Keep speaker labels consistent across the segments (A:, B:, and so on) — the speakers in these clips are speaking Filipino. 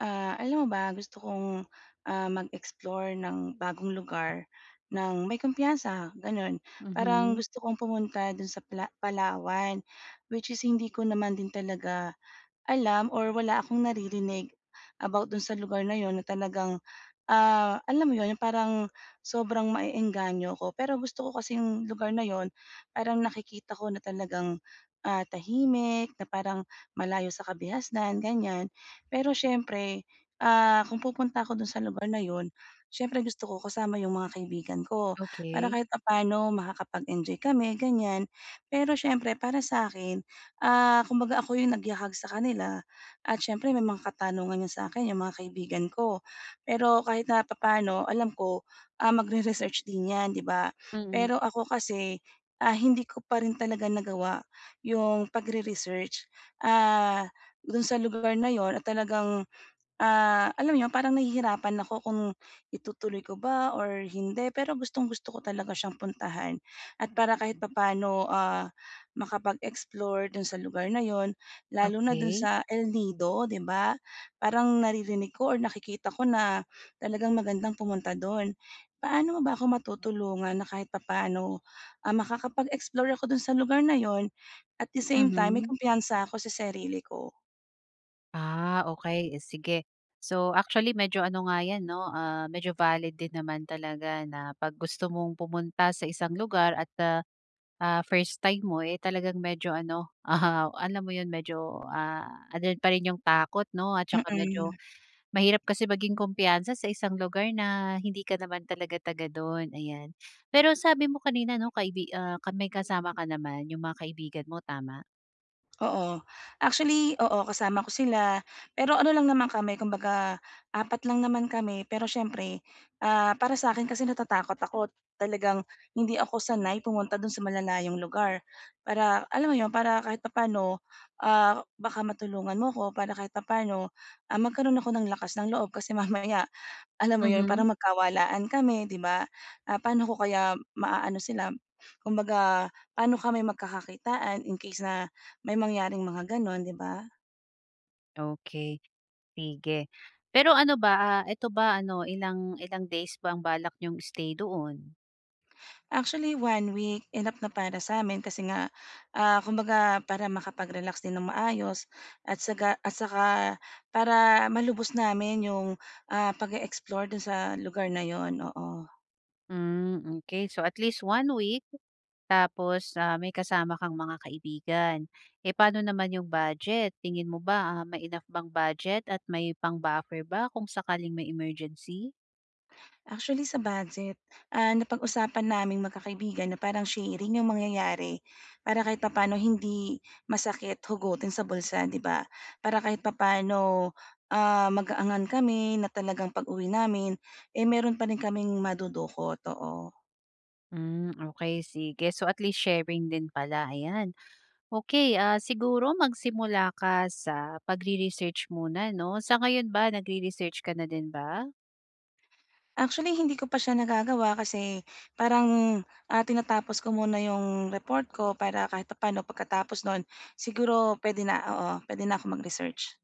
A: Ah, alam mo ba? gusto kong, ah, mag-explore ng bagong lugar ng may kumpiyansa gano'n. Parang
B: Mhm.
A: gusto kong pumunta do'n sa pala Palawan, which is hindi ko naman din talaga alam or wala akong naririnig about do'n sa lugar na 'yon na talagang, ah, alam mo 'yon parang sobrang maeengganyo ko, pero gusto ko kasing lugar na 'yon parang nakikita ko na talagang, ah, tahimik, na parang malayo sa kabihasnan, ganyan. Pero siyempre, ah, kung pupunta ako dun sa lugar na yun, siyempre gusto ko kasama yung mga kaibigan ko, para
B: Okey.
A: kahit papaano makakapag enjoy kami ganyan, pero siyempre para sa akin, ah, kumbaga ako yung nagyakag sa kanila at siyempre may mga katanungan 'yon sa akin 'yong mga kaibigan ko. Pero kahit napapaano alam ko, ah, magre-research din 'yan, 'di ba?
B: Mm.
A: Pero ako kasi, ah, hindi ko pa rin talaga nagawa 'yong pagre-research, ah, do'n sa lugar na 'yon at talagang ah, alam mo 'yon parang nahihirapan ako kung itutuloy ko ba? Or hindi, pero gustong-gusto ko talaga siyang puntahan at para kahit papaano, ah, makapag-explore do'n sa lugar na 'yon lalo na do'n
B: Okey.
A: sa El Nido, 'di ba? Parang naririnig ko or nakikita ko na, talagang magandang pumunta do'n. Paano mo ba ako matutulungan na kahit papaano, ah, makakapag-explore ako do'n sa lugar na 'yon at the same time may
B: Mhm.
A: kumpiyansa ako sa sarili ko.
B: Ah, okey, eh, sige. So, actually medyo ano nga 'yan 'no, ah, medyo valid din naman talaga na 'pag gusto mong pumunta sa isang lugar at ah, first time mo eh talagang medyo ano ah, alam mo 'yon medyo ah ando'n pa rin 'yong takot 'no? At saka medyo
A: Mm.
B: mahirap kasi maging kumpiyansa sa isang lugar na hindi ka naman talaga taga do'n. Ayan. Pero sabi mo kanina 'no kaibi ah, ka may kasama ka naman, 'yong mga kaibigan mo tama?
A: Oo, actually, oo kasama ko sila, pero ano lang naman kami kung baga 4 lang naman kami. Pero siyempre, ah, para sa akin kasi natatakot ako talagang hindi ako sanay pumunta do'n sa malalayong lugar. Para alam mo 'yon para kahit papaano, ah, baka matulungan mo ako, para kahit na papaano ah, magkaroon ako ng lakas ng loob kasi mamaya, alam mo yun
B: Mhm.
A: parang magkawalaan kami, 'di ba? Ah, paano ko kaya ma-aano sila, kumbaga paano kami magkakakitaan in case na may mangyaring mga gano'n, 'di ba?
B: Okey. Sige, pero ano ba, ah, ito ba ano ilang ilang days ba ang balak niyong stay doon?
A: Actually, 1 week, enough na para sa amin, kasi nga, ah, kumbaga, para makapag-relax din ng maayos, at saka at saka, para malubos namin, 'yong, ah, pag-e-explore do'n sa lugar na 'yon, oo.
B: Mm, okey so at least 1 week, tapos, ah, may kasama kang mga kaibigan. Eh, paano naman 'yong budget? Tingin mo ba, ah, may enough bang budget, at may pang buffer ba, kung sakaling may emergency?
A: Actually sa budget, ah, napag-usapan naming magkakaibigan, na parang sharing yung mangyayari, para kahit papaano hindi, masakit hugutin sa bulsa, 'di ba? Para kahit papaano, ah, magaangan kami na talagang pag-uwi namin, eh, mayro'n pa rin kaming madudukot, oo.
B: Mm, okey sige. So at least sharing din pala, ayan. Okey ah, siguro magsimula ka sa, pagre-research muna 'no. Sa ngayon ba, nagre-research ka na din ba?
A: Actually, hindi ko pa siya nagagawa kasi, parang, ah, tinatapos ko muna 'yong, report ko, para kahit papaano, pagkatapos no'n, siguro puwede na, oo, puwede na akong mag-research.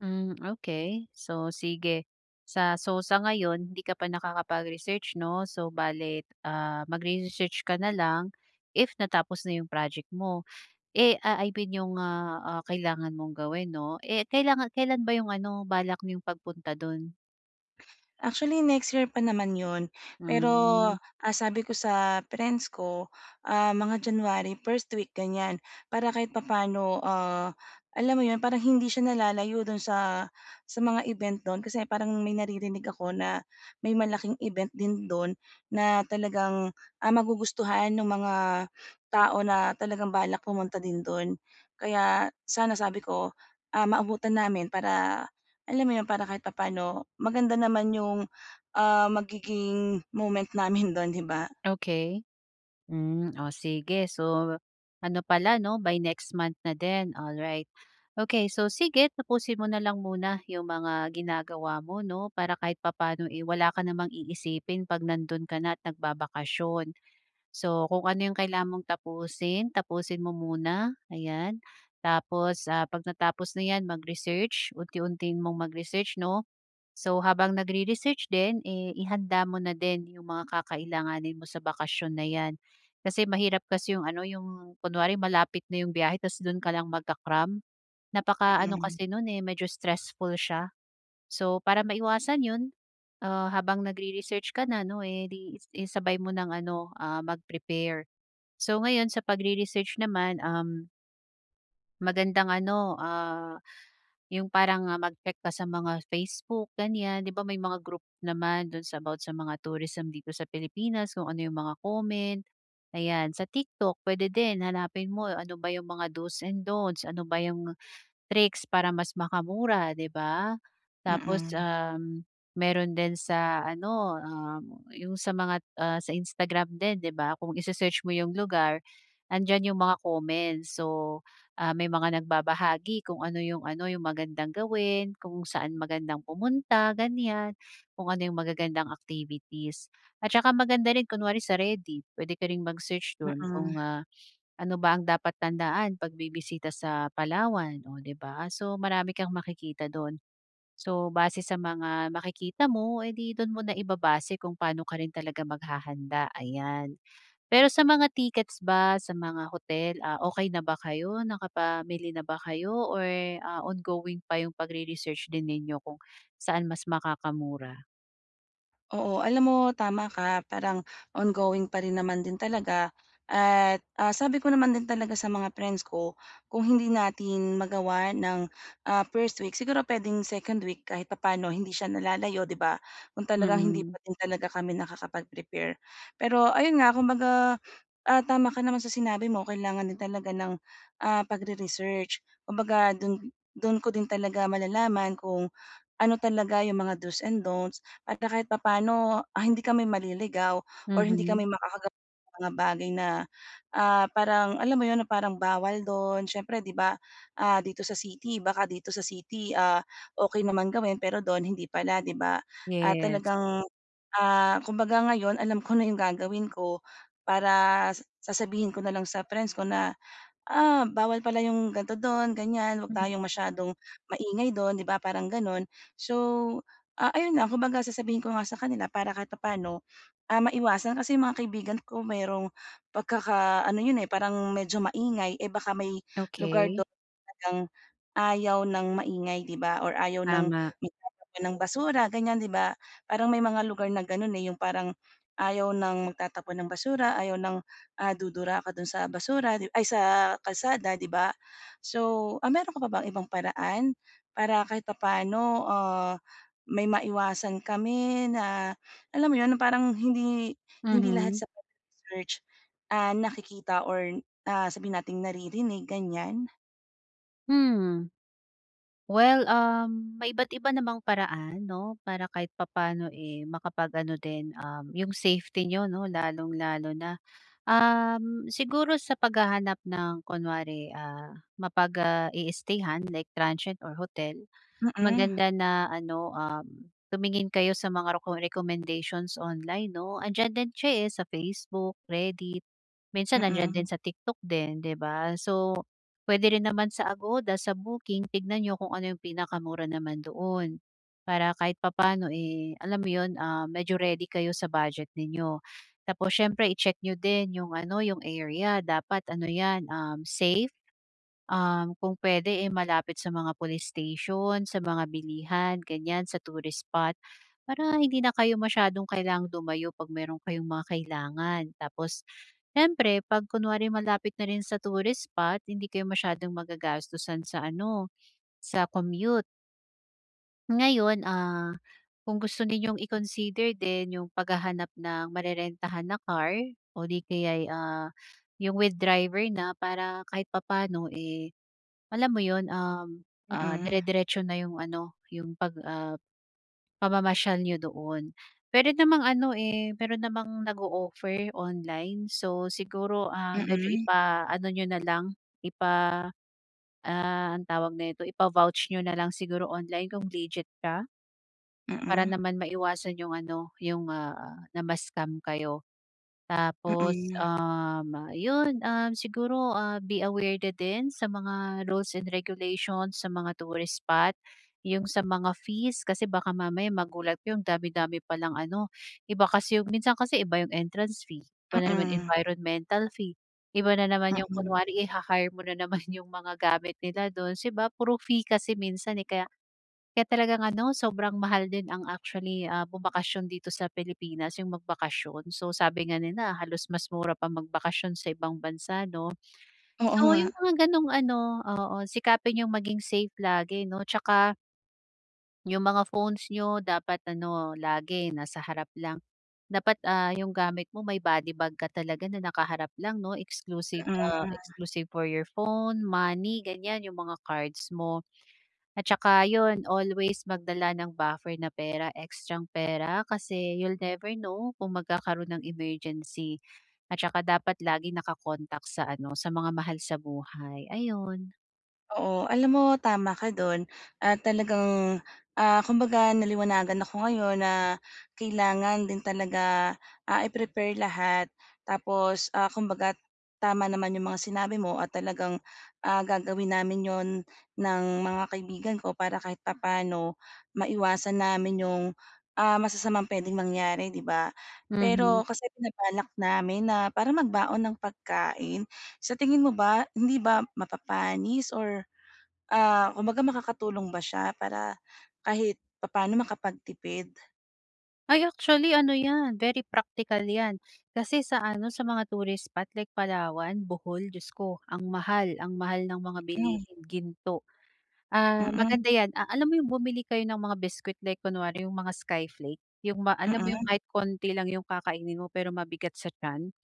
B: Hmm, okey. So sige, sa so sa ngayon hindi ka pa nakakapag-research 'no. So bale, ah, magre-research ka na lang if natapos na 'yong project mo, eh, ah, I mean 'yong, ah, ah, kailangan mong gawin 'no. Eh, kailangan kailan ba 'yong ano, balak niyong pagpunta do'n?
A: Actually, next year pa naman 'yon, pero,
B: Hmm.
A: ah, sabi ko sa friends ko, ah, mga January first week ganyan, para kahit papaano, ah, alam mo 'yon parang hindi siya nalalayo do'n sa, sa mga event do'n. Kasi parang may naririnig ako na may malaking event din do'n na talagang, ah, magugustuhan nung mga tao na talagang balak pumunta din do'n. Kaya sana, sabi ko, um, maabutan namin na para alam mo 'yon para kahit papaano maganda naman 'yong, um, magiging moment namin do'n, 'di ba.
B: Okey, hmm, oh, sige, so ano pala, 'no, by next month na din, alright. Okey, so sige, tapusin mo na lang muna 'yong mga ginagawa mo, 'no, para kahit papaano, eh, wala ka namang iisipin 'pag nando'n ka na at nagbabakasyon. So, kung ano 'yong kailangan mong tapusin, tapusin mo muna, ayan, tapos, ah, 'pagka-tapos na 'yan, mag-research unti-untiin mong mag-research, 'no. So, habang nagre-research din, eh, ihanda mo na din 'yong mga kakailanganin mo sa bakasyon na 'yan kasi mahirap kasi 'yong ano, 'yong kunwari malapit na 'yong biyahe tapos do'n ka lang magka-cram. Napaka-ano
A: Mm.
B: kasi no'n eh, medyo stressful siya. So para maiwasan 'yon, ah, habang nagre-research ka na, 'no, eh di i isabay mo ng ano, um, mag-prepare. So, ngayon sa pagre-research naman, um Magandang ano, ah, yung parang mag-check ka sa mga Facebook, ganyan. 'Di ba may mga group naman dun sa about sa mga tourism dito sa Pilipinas kung ano 'yung mga comment, ayan. Sa TikTok puwede din, hanapin mo ano ba 'yung mga do's and don'ts, ano ba 'yung tricks para mas makamura, 'di ba. Tapos,
A: Mm.
B: um, meron din sa ano, ah, 'yung sa mga, ah, sa Instagram din 'di ba, kung i-se-search mo yung lugar, 'andiyan 'yong mga comments. So, may mga nagbabahagi kung ano 'yong ano 'yong magandang gawin, kung saan magandang pumunta ganyan, kung ano 'yong magagandang activities. At saka maganda rin kunwari sa Reddit, puwede ka ring mag-search doon
A: Mm.
B: kung, ah, ano ba ang dapat tandaan pag bibisita sa Palawan, oh, 'di ba. So, marami kang makikita do'n. So, base sa mga makikita mo, eh, 'di doon mo na ibabase kung paano ka rin talaga maghahanda, ayan. Pero sa mga tickets ba, sa mga hotel, ah, okey na ba kayo nakapamili na ba kayo or, ah, ongoing pa yung pagre-research din ninyo kung saan mas makakamura?
A: Oo. Alam mo tama ka, parang on going pa rin naman din talaga at, ah, sabi ko naman din talaga sa mga friends ko, "Kung hindi natin magawa ng, ah, first week, siguro puwedeng second week." Kahit papaano hindi siya nalalayo, 'di ba? Kung talagang hindi
B: Mm.
A: pa din talaga kami nakakapag-prepare. Pero ayun nga, kung baga tama ka naman sa sinabi mo, kailangan din talaga ng, ah, pagre-research. Kumbaga do'n, do'n ko din talaga malalaman kung ano talaga yung mga do's and dont's at kahit papaano, ah, hindi kami maliligaw or hindi
B: Mhm.
A: kami makakagawa ng mga bagay na, ah, parang alam mo 'yon, parang bawal do'n. Siyempre 'di ba, ah, dito sa city baka dito sa city, ah, okey naman gawin, pero do'n hindi pala, 'di ba? Ah,
B: Yes.
A: talagang, ah, kumbaga ngayon alam ko na yung gagawin ko para sa sasabihin ko na lang sa friends ko na, "Ah, bawal pala yung ganito do'n, ganyan. 'Wag
B: Mm.
A: tayong masyadong maingay do'n," 'di ba, parang gano'n. So, ah, ayun nga, kumbaga sasabihin ko nga sa kanila para kahit papa'no, ah, maiwasan. Kasi yung mga kaibigan ko, merong pagkaka-ano 'yon, eh, parang medyo maingay. Eh, baka may lugar
B: Okey.
A: do'n talagang ayaw ng maingay, 'di ba? Or ayaw ng
B: Tama.
A: magtatapon ng basura ganyan, 'di ba? Parang may mga lugar na gano'n, eh, yung parang ayaw ng magtatapon ng basura, ayaw ng, ah, dudura ka do'n sa basura, di ay, sa kalsada, 'di ba? So, ah, meron ka pa bang ibang paraan, para kahit papa'no, ah, may maiwasan kami na alam mo 'yon, parang hindi hindi lahat
B: Mhm.
A: sa pagre-research, ah, nakikita or, ah, sabihin nating naririnig, ganyan?
B: Mhm. Well, um, may iba't iba namang paraan, 'no, para kahit papaano, eh, makapag-ano din, um, yung safety nyo, 'no, lalong-lalo na. Um, siguro sa paghahanap ng kunwari, ah, mapag, ah, i-stay-han, like transient or hotel,
A: Mhm.
B: maganda na ano, um, tumingin kayo sa mga roco recommendations online, 'no? Andiyan din siya, eh, sa Facebook, Reddit, minsan nandiyan din
A: Mhm.
B: sa TikTok din, 'di ba? So, puwede rin naman sa Agoda, sa booking, tignan niyo kung ano yung pinakamura naman doon. Para kahit papaano, eh, alam mo 'yon, ah, medyo ready kayo sa budget ninyo. Tapos siyempre i-check nyo din yung ano, yung area dapat ano yan, um, safe. Um, kung puwede eh, malapit sa mga police station, sa mga bilihan, ganyan, sa tourist spot, para hindi na kayo masyadong kailangang dumayo 'pag mayro'n kayong mga kailangan. Tapos siyempre 'pag kunwari malapit na rin sa tourist spot hindi kayo masyadong magagastusan sa ano, sa commute. Ngayon, ah, kung gusto niyong i-consider din yung paghahanap ng marerentahan na car o di kaya'y, ah, yung with driver na para kahit papaano, eh, alam mo 'yon, um, ah,
A: Mhm.
B: dire-diretso na 'yong ano, 'yong pag, ah, pamamasyal niyo doon. Puwede namang ano, eh, meron namang nag-o-offer online, so siguro, ah, medyo
A: Mhm.
B: ipaano niyo na lang, ah, anong tawag nito ipa-vouch niyo na lang siguro online kung legit ka. Para
A: Mhm.
B: naman maiwasan 'yong ano, 'yong, ah, na ma-scam kayo. Tapos,
A: Mhm.
B: um, 'yon siguro be aware din sa mga rules and regulations sa mga tourist spot, 'yong sa mga fees kasi baka mamaya magulat kayo andami-dami palang ano, iba kasi 'yong minsan kasi iba 'yong entrance fee, iba na naman
A: Mhm.
B: environmental fee, iba na naman 'yong
A: Mhm.
B: kunwari iha-hire mo na naman 'yong mga gamit nila do'n 'di ba? Puro fee kasi minsan kaya kaya talagang ano, sobrang mahal din ang actually, ah, bumakasyon dito sa Pilipinas yung magbakasyon, so sabi nga nila halos mas mura pa magbakasyon sa ibang bansa 'no?
A: Oo
B: So yung
A: nga.
B: mga ganong ano, oo sikapin yung maging safe lagi 'no 'tsaka Yung mga phones nyo, dapat ano, lagi nasa harap lang. Dapat, ah, yung gamit mo may body bag ka talaga na nakaharap lang 'no, exclusive ah,
A: Mm.
B: exclusive for your phone, money, ganyan yung mga cards mo. At saka 'yon, always magdala ng buffer na pera, extrang pera kasi you'll never know kung magkakaroon ng emergency. At tsaka dapat laging naka-contact sa ano, sa mga mahal sa buhay, ayun.
A: Oo, alam mo, tama ka do'n. Ah, talagang, ah, kumbaga, naliwanagan ako ngayon na kailangan din talaga, ah, i-prepare lahat tapos, ah, kumbaga, tama naman yung mga sinabi mo at talagang, ah, gagawin namin 'yon ng mga kaibigan ko para kahit papaano, maiwasan namin yung, ah, masasamang puwedeng mangyari 'di ba.
B: Mhm.
A: Pero kasi binabalak namin na parang magbaon ng pagkain. Sa tingin mo ba, hindi ba mapapanis or, ah, kumbaga, makakatulong ba siya para kahit papaano makapagtipid?
B: Ay, actually ano 'yan, very practical 'yan. Kasi sa ano, sa mga tourist spot like Palawan, Bohol, Diyos ko! Ang mahal, ang mahal ng mga
A: Mm.
B: bilihin, ginto. Ah,
A: Mm.
B: maganda 'yan a alam mo yung bumili kayo ng mga biskwit like kunwari yung mga skyflake, yung ma alam mo yung
A: Mm.
B: kahit konti lang yung kakainin mo pero mabigat sa tiyan.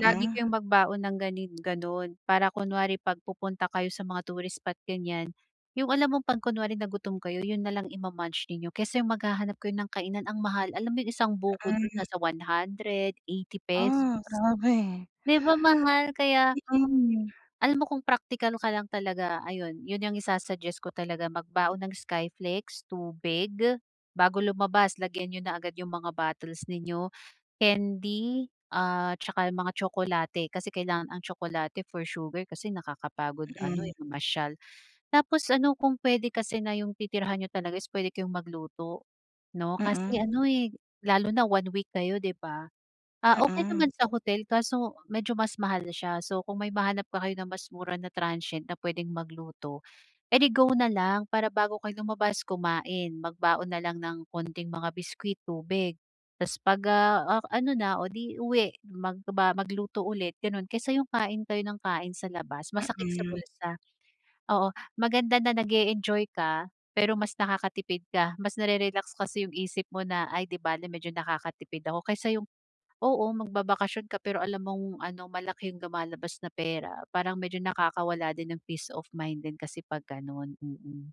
B: Lagi kayong magbaon ng gani gano'n, para kunwari 'pag pupunta kayo sa mga tourist spot, ganyan. Yung alam mong 'pag kunwari na gutom kayo, 'yun na lang ima-munch ninyo kesa yung maghahanap kayo ng kainan, ang mahal. Alam mo yung isang buko dun,
A: Mm.
B: nasa 100, ₱80.
A: Ah, grabe.
B: 'Di ba mahal? Kaya
A: Mm.
B: Alam mo kung praktikal ka lang talaga, ayon, 'yon ang isa-suggest ko talaga. Magbaon ng skyflakes, tubig. Bago lumabas, lagyan niyo na agad yung mga bottles ninyo, candy at tsaka yung mga tsokolate. Kasi kailangan ang tsokolate for sugar kasi nakakapagod ano,
A: Mm.
B: eh, mamasyal. Tapos ano, kung puwede kasi na yung titirahan niyo talaga is puwede kayong magluto, 'no. Kasi
A: Mm.
B: ano, eh, lalo na 1 week kayo, 'di ba? Ah, okey
A: Mm.
B: naman sa hotel kaso medyo mas mahal siya. So, kung may mahanap pa kayo na mas mura na transient na pwedeng magluto, edi go na lang. Para bago kayo lumabas, kumain. Magbaon na lang ng konting mga biskwit, tubig, tapos 'pag, ah, ah, ano na o 'di uwi, magba magluto ulit, gano'n. Kaysa yung kain kayo ng kain sa labas, masakit sa
A: Mm.
B: bulsa. Oo. Maganda na nag-e-enjoy ka, pero mas nakakatipid ka. Mas nare-relax kasi yung isip mo na, "Ay, 'di bale medyo nakakatipid ako." Kaysa yung oo, magbabakasyon ka pero alam mong ano, malaki yung lumalabas na pera. Parang medyo nakakawala din ng peace of mind din kasi 'pag gano'n, mm.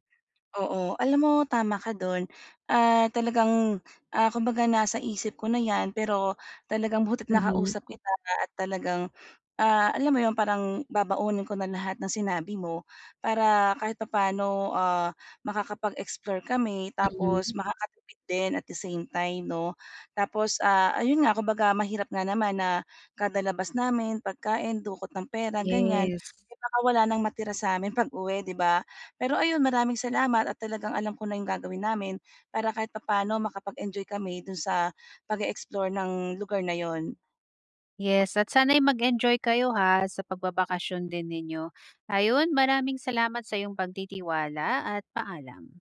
A: Oo. Alam mo tama ka do'n. Ah, talagang, ah, kumbaga nasa isip ko na 'yan, pero talagang buti't
B: Mhm.
A: nakausap kita at talagang, ah, alam mo 'yon, parang babaunin ko na lahat ng sinabi mo. Para kahit papaano, ah, makakapag-explore kami, tapos
B: Mhm.
A: makakatipid din at the same time 'no. Tapos, ah, ayun nga, kumbaga mahirap nga naman na kada labas namin, pagkain, dukot ng pera, ganyan.
B: Yes.
A: Eh, baka wala ng matira sa'min pag-uwi, 'di ba. Pero ayun, maraming salamat at talagang alam ko na yung gagawin namin para kahit papaano, makapag-enjoy kami do'n sa pag-e-explore ng lugar na 'yon.
B: Yes. At sana'y mag-enjoy kayo ha, sa pagbabakasyon din ninyo. Ayun, maraming salamat sa iyong pagtitiwala at paalam.